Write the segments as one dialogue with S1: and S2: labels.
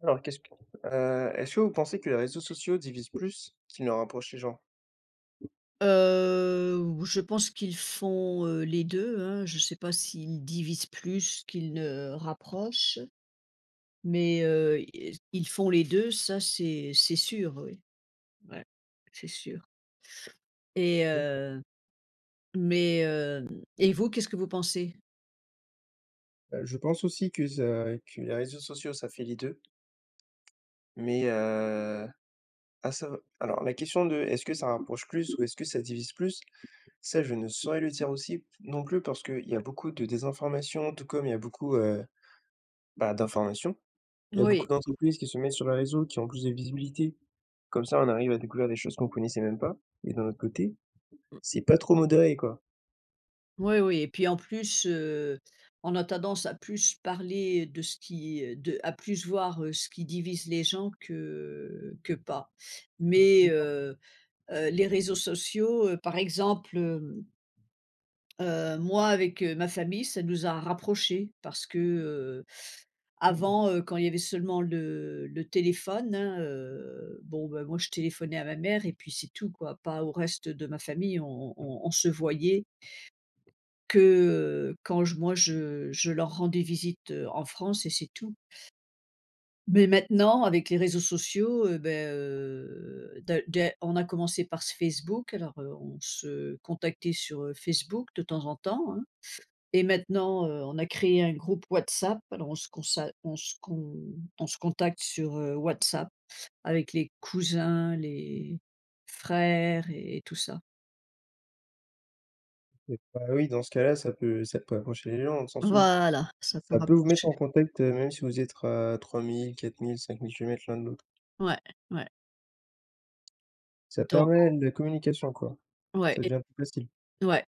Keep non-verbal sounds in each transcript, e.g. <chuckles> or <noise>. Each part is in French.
S1: Alors, qu'est-ce que heu, est-ce que vous pensez que les réseaux sociaux divisent plus qu'il ne rapprochent les gens?
S2: Heu, ou je pense qu'ils font, heu, les deux, hein. Je sais pas s'ils divisent plus qu'ils ne rapprochent, mais, heu, yes, ils font les deux, ça, c'est c'est sûr, oui, ouais, c'est sûr. Et
S1: D'accord.
S2: heu, mais, hem et vous, qu'est-ce que vous pensez?
S1: Heu, je pense aussi que ça que les réseaux sociaux, ça fait les deux. Mais, heu, ah, ça alors, la question de, est-ce que ça rapproche plus ou est-ce que ça divise plus, ça, je ne saurais le dire aussi non plus, parce qu'il y a beaucoup de désinformations, tout comme il y a beaucoup, heu, bah, d'informations. Il y a beaucoup
S2: Oui.
S1: d'entreprises qui se mettent sur les réseaux, qui ont plus de visibilité. Comme ça, on arrive à découvrir des choses qu'on connaissait même pas et d'un autre côté,
S2: M
S1: c'est pas trop modéré quoi.
S2: Oui, oui. Et puis, en plus, heu, on a tendance à plus parler, heu, de ce qui, heu, de à plus voir ce qui divise les gens que que pas.
S1: Ça ouvre
S2: Mais,
S1: les portes.
S2: heu, heu, les réseaux sociaux, par exemple, hem heu, moi avec, heu, ma famille, ça nous a rapprochés, parce que, heu,
S1: <unintelligible>
S2: avant, heu, quand il y avait seulement le le téléphone, hein, heu, bon, beh, moi, je téléphonais à ma mère et puis c'est tout, quoi. Pas au reste de ma famille. On on on se voyait que, heu, quand je moi, je je leur rendais visite, heu, en France et c'est tout. Mais, maintenant, avec les réseaux sociaux, heu, beh, heu, d'a d'a on a commencé par ce Facebook, alors, heu, on se contactait sur, heu, Facebook, de temps en temps, hein. Et maintenant, heu, on a créé un groupe WhatsApp. Alors, on se consa on se con on se contacte sur, heu, WhatsApp avec les cousins, les frères et et tout ça.
S1: Heu, bah oui, dans ce cas-là, ça peut ça peut approcher les gens sans sou
S2: Voilà, ça peut
S1: ça peut vous mettre
S2: rapprocher.
S1: en contact, heu, même si vous êtes à 3 000-4 000-5 000 kilomètres l'un de l'autre.
S2: Ouais, ouais.
S1: Ça
S2: Donc
S1: permet de la communication, quoi.
S2: Ouais
S1: Ça devient
S2: et
S1: plus facile.
S2: ouais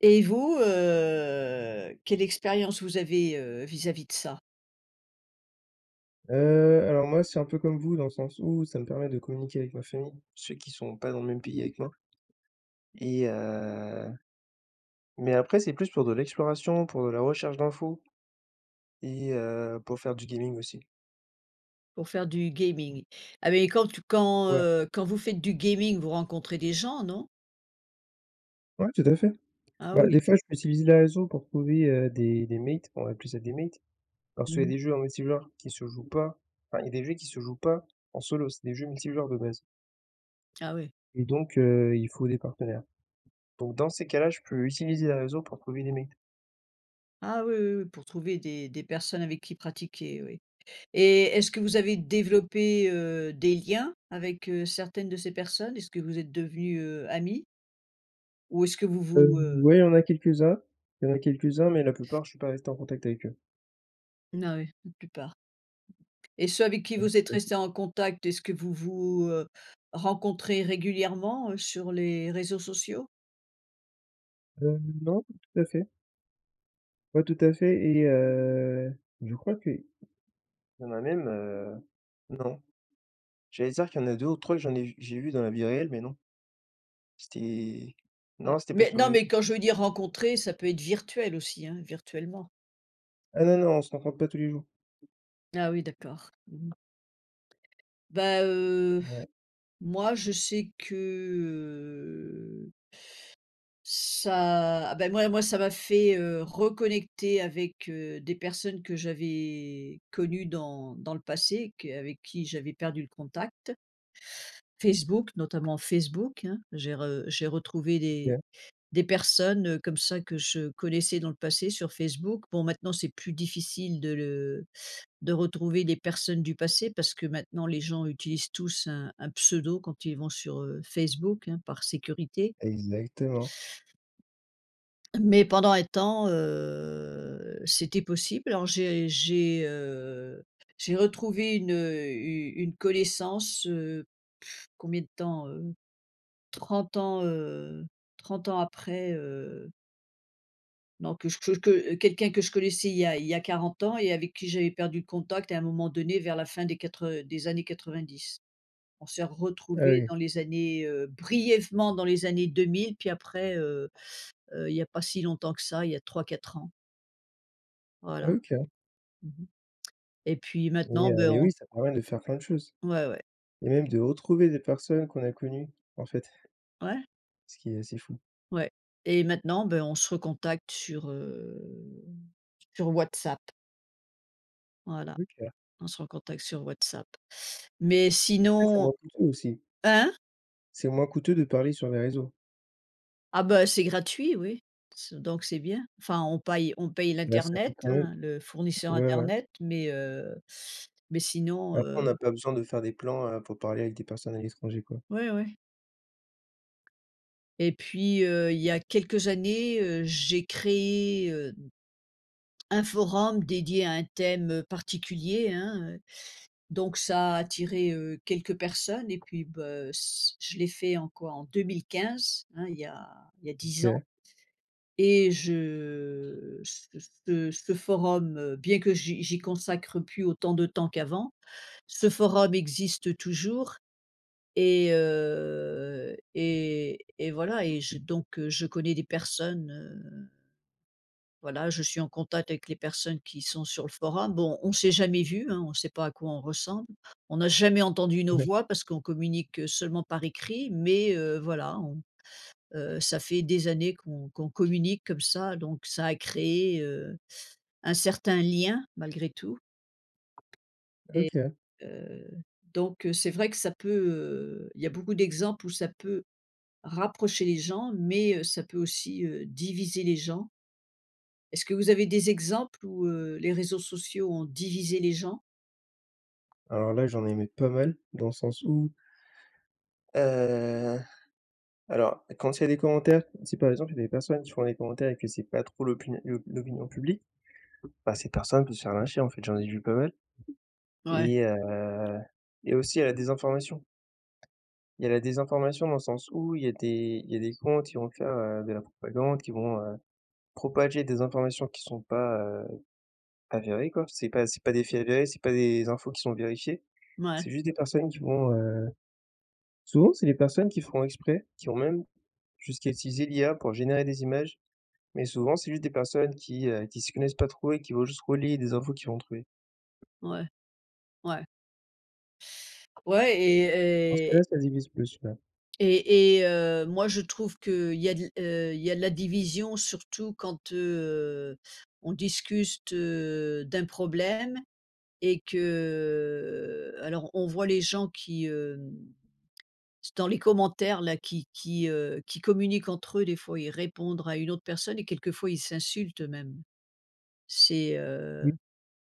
S2: et vous, heu, quelle expérience vous avez, heu, vis-à-vis de ça?
S1: Heu, alors moi, c'est un peu comme vous dans le sens où ça me permet de communiquer avec ma famille. Ceux qui sont pas dans le même pays avec moi et heu, mais après, c'est plus pour de l'exploration, pour de la recherche d'info et heu, pour faire du gaming aussi.
S2: Pour faire du gaming. Ah mais quand t quand,
S1: Ouais.
S2: heu, quand vous faites du gaming, vous rencontrez des gens, non?
S1: Ouais, tout à fait.
S2: Ah
S1: Bah,
S2: oui.
S1: des fois je peux utiliser les réseaux pour trouver, heu, des des mates, on va appeler ça des mates, parce qu'il y a
S2: Mmh.
S1: des jeux en multi-joueurs qui se jouent pas enfin, il y a des jeux qui se jouent pas en solo, c'est des jeux multi-joueurs de base
S2: Ah oui.
S1: et donc heu, il faut des partenaires, donc dans ces cas-là je peux utiliser les réseaux pour trouver des mates.
S2: Ah oui, oui, oui pour trouver des des personnes avec qui pratiquer, oui et est-ce que vous avez développé, heu, des liens avec, heu, certaines de ces personnes? Est-ce que vous êtes devenus, heu, amis ou est-ce que vous
S1: Heu,
S2: vous, heu
S1: ouais, il y en a quelques-uns. Il y en a quelques-uns mais la plupart, je suis pas resté en contact avec eux.
S2: N ah oui, la plupart et ceux avec qui
S1: Ouais,
S2: vous êtes
S1: tout à fait.
S2: resté en contact, est-ce que vous vous, heu, rencontrez régulièrement, heu, sur les réseaux sociaux?
S1: Heu, non, pas tout à fait pas tout à fait et heu, je crois qu'il y en a même, heu, non. J'allais dire qu'il y en a 2 ou 3 que j'en ai j'ai vu dans la vie réelle, mais non. C'était
S2: Ouais,
S1: non, c'était pas
S2: mais
S1: sur les
S2: non, mais
S1: réseeaux.
S2: quand je veux dire rencontrer, ça peut être virtuel aussi, hein, virtuellement.
S1: Ah non, non, on se rencontre pas tous les jours.
S2: Ah oui, d'accord. Mmh mh. Bah, heu, pff,
S1: Ouais.
S2: moi, je sais que, heu Ça ah, bah, moi, moi ça m'a fait, heu, reconnecter avec, heu, des personnes que j'avais connues dans dans le passé que avec qui j'avais perdu le contact. Facebook, notamment. Facebook, hein. J'ai re j'ai retrouvé des
S1: OK.
S2: des personnes, heu, comme ça que je connaissais dans le passé sur Facebook. Bon, maintenant, c'est plus difficile de le de retrouver des personnes du passé parce que maintenant les gens utilisent tous un un pseudo quand ils vont sur, heu, Facebook, hein, par sécurité
S1: Exactement.
S2: mais pendant un temps, heu, c'était possible, alors j'ai j'ai, heu, j'ai retrouvé une, heu, u une connaissance, heu, <lip trill> combien de temps, heu? 30 ans, heu, 30 ans après, heu Donc que chech que quelqu'un que je connaissais il y a il y a 40 ans et avec qui j'avais perdu le contact et à un moment donné vers la fin des quatre heu, des années 90. On s'est
S1: Ah
S2: retrouvé
S1: oui.
S2: dans les années, heu, brièvement dans les années 2000, puis après, heu heu, il y a pas si longtemps que ça, il y a 3-4 ans.
S1: Ah,
S2: Voilà.
S1: OK.
S2: Mmh mh. Et puis
S1: Mais
S2: maintenant,
S1: heu,
S2: ben,
S1: mais
S2: on
S1: oui, ça permet de faire plein de choses.
S2: Ouais ouais.
S1: Et même de retrouver des personnes qu'on a connues, en fait
S2: Ouais.
S1: ce qui est assez fou.
S2: Ouais, et maintenant, ben on se recontacte sur, heu, sur WhatsApp. Voilà,
S1: OK.
S2: on se recontacte sur Whatsapp mais
S1: Après, c'est
S2: sinon
S1: moins coûteux aussi.
S2: hein?
S1: C'est moins coûteux de parler sur les réseaux.
S2: Ah beh, c'est gratuit oui, c' donc c'est bien, enfin on paille on paye
S1: Mais ça
S2: l'Internet,
S1: coûte quand même
S2: hein, le fournisseur
S1: ouais ouais.
S2: Internet, mais heu, mais sinon
S1: Après, on
S2: heu
S1: n'a pas besoin de faire des plans, heu, pour parler avec des personnes à l'étranger quoi.
S2: Ouais ouais. Et puis heu, il y a quelques années, heu, j'ai créé, heu, un forum dédié à un thème particulier, hein, heu, donc ça a attiré, heu, quelques personnes et puis bah, heu, c' je l'ai fait en quoi en 2015 hein, il y a il y a 10 ans
S1: OK.
S2: et je ce ce ce forum, bien que j'y j'y consacre plus autant de temps qu'avant, ce forum existe toujours et heu et et voilà et je donc je connais des personnes, heu, voilà. Je suis en contact avec les personnes qui sont sur le forum bon, on s'est jamais vu, hein, on sait pas à quoi on ressemble, on n'a jamais entendu nos
S1: Ouais.
S2: voix parce qu'on communique seulement par écrit, mais heu, voilà on heu, ça fait des années qu'on qu'on communique comme ça donc ça a créé, heu, un certain lien malgré tout. Et
S1: OK.
S2: heu, donc c'est vrai que ça peut, heu il y a beaucoup d'exemples où ça peut rapprocher les gens mais heu, ça peut aussi, heu, diviser les gens. Est-ce que vous avez des exemples où heu, les réseaux sociaux ont divisé les gens?
S1: Alors là, j'en ai aimé pas mal dans le sens où heu, alors, quand il y a des commentaires, si par exemple il y a des personnes qui font des commentaires et que c'est pas trop l'opi l'o l'opinion publique, bah ces personnes peuvent se faire lyncher en fait, j'en ai vu pas mal.
S2: Ouais.
S1: Et heu et aussi à la désinformation. Il y a la désinformation dans le sens où il y a des il y a des comptes qui vont faire de la propagande qui vont, heu, propager des informations qui sont pas, heu, avérées quoi. C'est pas c'est pas des faits réels, c'est pas des infos qui sont vérifiées.
S2: Mouais.
S1: C'est juste des personnes qui vont, heu souvent, c'est les personnes qui font exprès, qui vont même jusqu'à utiliser l'IA pour générer des images, mais souvent, c'est juste des personnes qui, heu, qui s'y connaissent pas trop et qui vont juste relayer des infos qu'ils vont trouver.
S2: Ouais, ouais. Ouais
S1: Dans ce
S2: et et
S1: cas-là, ça divise plus, même.
S2: Et et, heu, moi je trouve que il y a de la heu, il y a de la division surtout quand, heu, on discute, heu, d'un problème et que alors on voit les gens qui, hem c'est dans les commentaires là, qui qui, heu, qui communiquent entre eux des fois ils répondre à une autre personne et quelquefois ils s'insultent, heu, même. C'est,
S1: Mmh.
S2: heu,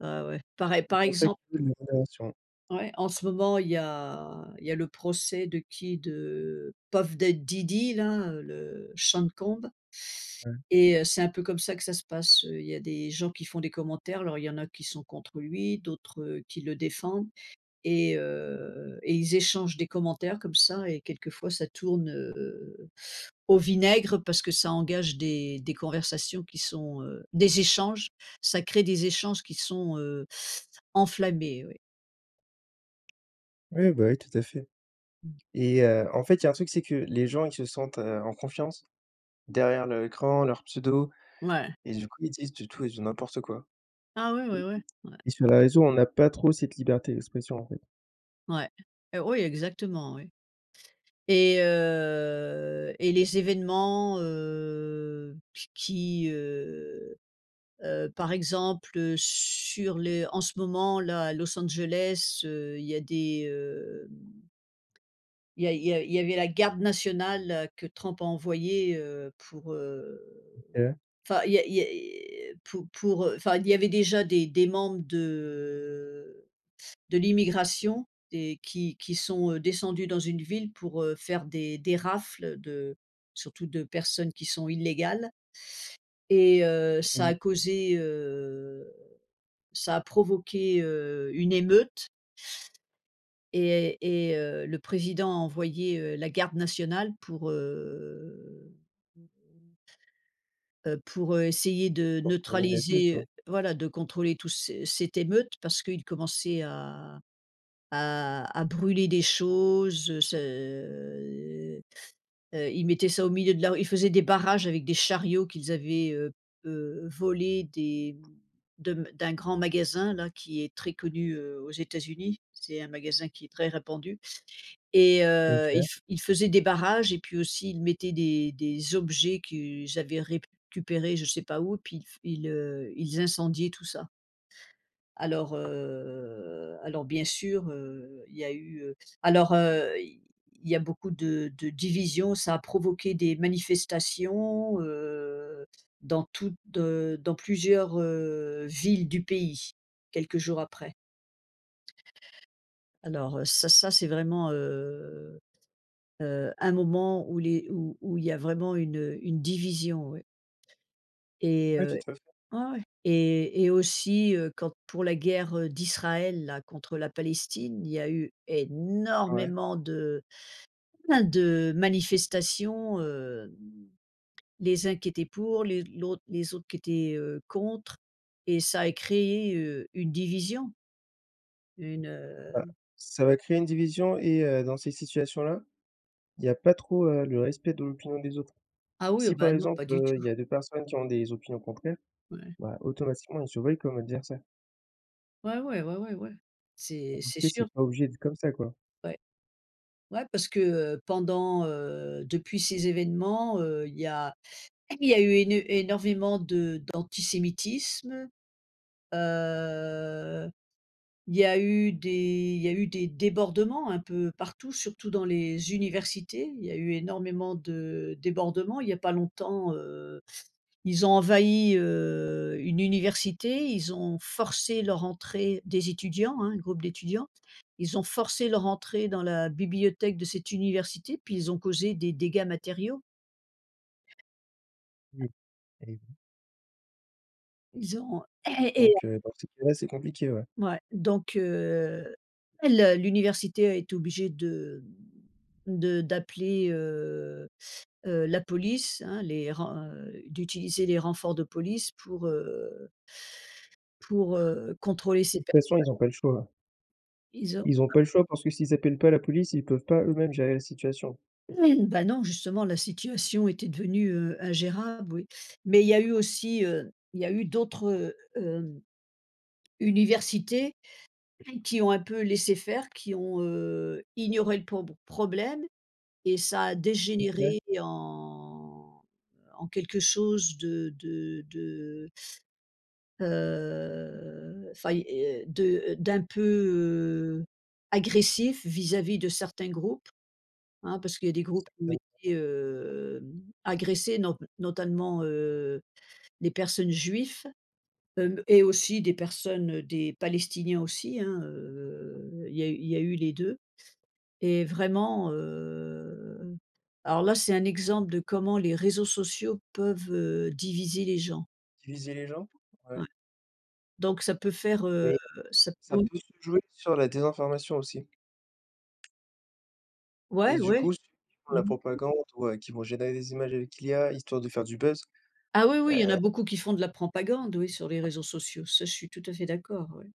S2: ah ouais par ex
S1: C'est
S2: par
S1: pour ça qu'il
S2: exemple.
S1: <unintelligible> modération.
S2: Ouais en ce moment il y a il y a le procès de qui de Puff Da Diddy là, heu, le Sean Combs
S1: Ouais.
S2: et heu c'est un peu comme ça que ça se passe, il y a des gens qui font des commentaires alors il y en a qui sont contre lui, d'autres qui le défendent et heu et ils échangent des commentaires comme ça et quelquefois ça tourne, heu, au vinaigre parce que ça engage des des conversations qui sont, heu, des échanges, ça crée des échanges qui sont, heu enflammés oui.
S1: Oui, bah oui, tout à fait, et heu, en fait, il y a un truc, c'est que les gens, ils se sentent, heu, en confiance, derrière leur écran, leur pseudo
S2: Ouais.
S1: et du coup, ils disent du tout et du n'importe quoi.
S2: Ah, ouais, ouais, ouais. Ouais.
S1: Et sur les réseaux, on n'a pas trop cette liberté d'expression, en fait.
S2: Ouais, eh, oui, exactement, oui, et heu, et les événements, heu, qu qui, heu heu, par exemple, heu, sur les en ce moment-là, à Los Angeles, heu, il y a des, heu, il y a il y a il y avait la garde nationale que Trump a envoyé, heu, pour, heu,
S1: OK.
S2: enfin il y a il y a pour pour, heu, enfin, il y avait déjà des des membres de de l'immigration et qui qui sont descendus, heu, dans une ville, pour, heu, faire des des rafles de surtout de personnes qui sont illégales. Et heu, ça
S1: Mmh.
S2: a causé, heu, ça a provoqué, heu, une émeute et et heu, le président a envoyé, heu, la garde nationale pour, heu <unintelligible> heu, pour, heu, essayer de
S1: Pour calmer les choses,
S2: neutraliser
S1: quoi.
S2: heu, voilà, de contrôler tous ces cette émeute parce qu'ils commençaient à à à brûler des choses ce, heu heu heu, ils mettaient ça, au milieu de la rue, ils faisaient des barrages avec des chariots qu'ils avaient, heu heu, volé, des de m d'un grand magasin là, qui est très connu, heu, aux États-Unis. C'est un magasin qui est très répandu et heu, ils
S1: OK.
S2: f ils faisaient des barrages et puis aussi, ils mettaient des des objets qu'ils avaient récupéré je sais pas où puis ils f ils, heu, ils incendiaient tout ça. Alors, heu, alors, bien sûr, heu, il y a eu, heu, alors, heu, il il y a beaucoup de de division. Ça a provoqué des manifestations, heu, dans toutes, heu, dans plusieurs, heu, villes du pays, quelques jours après. Alors, ça ça, c'est vraiment, heu, heu, un moment où les où où il y a vraiment une, heu, une division ouais. Et
S1: Oui,
S2: heu,
S1: tout à fait.
S2: ouais, ouais, et et aussi, heu, quand, pour la guerre d'Israël là contre la Palestine, il y a eu
S1: Ouais.
S2: énormément de pas mal de manifestations, heu, les uns qui étaient pour, les l'autre les autres, qui étaient, heu, contre et ça a créé, heu, une division. Une,
S1: Bah,
S2: heu
S1: ça va créer une division et heu, dans ces situations-là, il y a pas trop, heu, le respect de l'opinion des autres.
S2: Ah, oui, oh
S1: Si, par
S2: ben, non,
S1: exemple,
S2: pas du
S1: heu, il
S2: tout.
S1: y a 2 personnes qui ont des opinions contraires,
S2: Ouais.
S1: bah, automatiquement, ils se voient comme adversaires.
S2: Ouais, ouais. Ouais, ouais. Ouais.
S1: En
S2: C'est
S1: tout
S2: c'est
S1: cas, c'est
S2: sûr.
S1: pas obligé d'être comme ça quoi?
S2: Ouais. Ouais, parce que heu, pendant, heu, depuis ces évènements, heu, il y a il y a eu éne énorvément de d'antisémitisme, heu, il y a eu des il y a eu des débordements un peu partout, surtout dans les universités. Il y a eu énormément de débordements. Il y a pas longtemps, heu, ils ont envahi, heu, une université. Ils ont forcé leur entrée des étudiants, hein, un groupe d'étudiants. Ils ont forcé leur entrée dans la bibliothèque de cette université puis ils ont causé des dégâts matériaux.
S1: Oui. Elle est venue.
S2: Ils ont, heu <clears throat> et heu
S1: Donc heu, dans ces cas-là, c'est compliqué, ouais.
S2: Mouais, donc heu Elle l'université est obligée de, mmh, de d'appeler, heu heu, la police, hein, les ren heu, d'utiliser les renforts de police pour heu pour heu, contrôler
S1: De
S2: ces
S1: toute
S2: personnes.
S1: façon, ils ont pas le choix.
S2: Ils ont
S1: Ils ont pas eu le choix parce que s'ils appellent pas la police, ils peuvent pas eux-mêmes gérer la situation.
S2: <clears throat> Bah non, justement, la situation était devenue heu, ingérable, oui. Mais il y a eu aussi, heu, il y a eu d'autres, heu, hem, universités qui ont un peu laissé faire, qui ont, heu, ignoré le prob problème et ça a
S1: OK.
S2: dégénéré en, en quelque chose de de de heu, enfin il y a de d'un peu, heu, agressif vis-à-vis de certains groupes, hein, parce qu'il y a des
S1: Qui
S2: groupes qui ont
S1: s'appelle.
S2: été, heu, agressés not notamment, heu, des personnes juifs hem et aussi des personnes, heu, des palestiniens aussi hein, heu, il y a eu il y a eu les deux et vraiment heu, alors là c'est un exemple de comment les réseaux sociaux peuvent, heu, diviser les gens.
S1: Diviser les gens, ouais.
S2: Ouais. Donc ça peut faire, heu,
S1: Oui,
S2: ça peut
S1: ça peut se jouer sur la désinformation aussi.
S2: Ouais,
S1: Et du
S2: ouais.
S1: coup, ceux qui font
S2: Mmh
S1: la
S2: mh.
S1: propagande ou, heu, qui vont générer des images avec l'IA, histoire de faire du buzz.
S2: Ah oui oui, il y en
S1: Heu
S2: a beaucoup qui font de la propagande. Oui sur les réseaux sociaux, ça je suis tout à fait d'accord, ouais.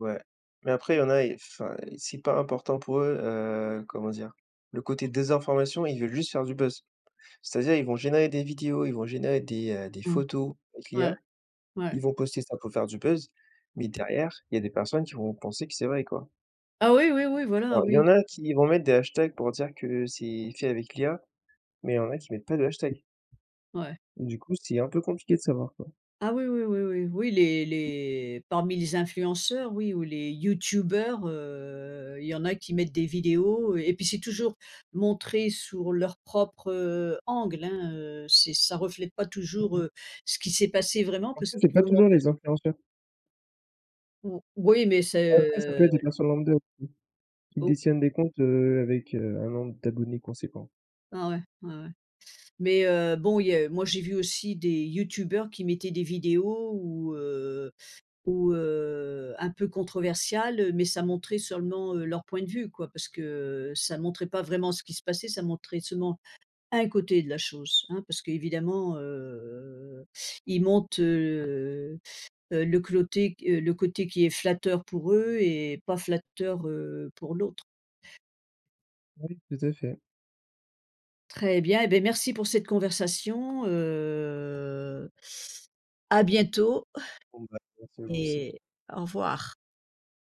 S1: Ouais mais après il y en a ils enfin, c'est pas important pour eux, heu, comment dire? Le côté désinformation, ils veulent juste faire du buzz. C'est-à-dire, ils vont générer des vidéos, ils vont générer des, heu, des
S2: Mmh.
S1: photos avec
S2: Ouais.
S1: l'IA.
S2: Ouais.
S1: Ils vont poster ça pour faire du buzz mais derrière, il y a des personnes qui vont penser que c'est vrai quoi.
S2: Ah oui, oui, oui. Voilà,
S1: Alors il y
S2: oui.
S1: en a qui vont mettre des hashtags pour dire que c'est fait avec l'IA mais il y en a qui mettent pas de hashtag.
S2: Ouais.
S1: Du coup, c'est un peu compliqué de savoir quoi.
S2: Ah oui, oui, oui, oui. Oui les les parmi les influenceurs oui, ou les youtubeurs, heu, il y en a qui mettent des vidéos et puis c'est toujours montré sur leur propre, heu, angle, hein. Heu, c'est ça reflète pas toujours,
S1: Mmh mh.
S2: heu, ce qui s'est passé vraiment.
S1: En
S2: Parce
S1: fait,
S2: qu'ils
S1: c'est pas
S2: vous
S1: toujours
S2: montrent
S1: les influenceurs.
S2: Mmh. Oui, mais c'est,
S1: Après ça
S2: heu,
S1: peut être
S2: l
S1: des personnes lambda aussi. Qui
S2: Au
S1: détiennent des comptes, heu, avec, heu, un nombre d'abonnés conséquent.
S2: Ah ouais? Ouais, ouais mais heu, bon il y a moi j'ai vu aussi des youtubeurs qui mettaient des vidéos où, heu où, heu un peu controversiales, heu, mais ça montrait seulement, heu, leur point de vue quoi. Parce que ça montrait pas vraiment ce qui se passait, ça montrait seulement 1 côté de la chose, hein. Parce que évidemment, heu, ils montent, heu heu, le côté, heu, le côté qui est flatteur pour eux et pas flatteur, heu, pour l'autre.
S1: Oui, tout à fait.
S2: Très bien, eh beh, merci pour cette conversation. Heu, à bientôt
S1: Bon bah,
S2: <chuckles>
S1: merci à vous aussi.
S2: et au revoir.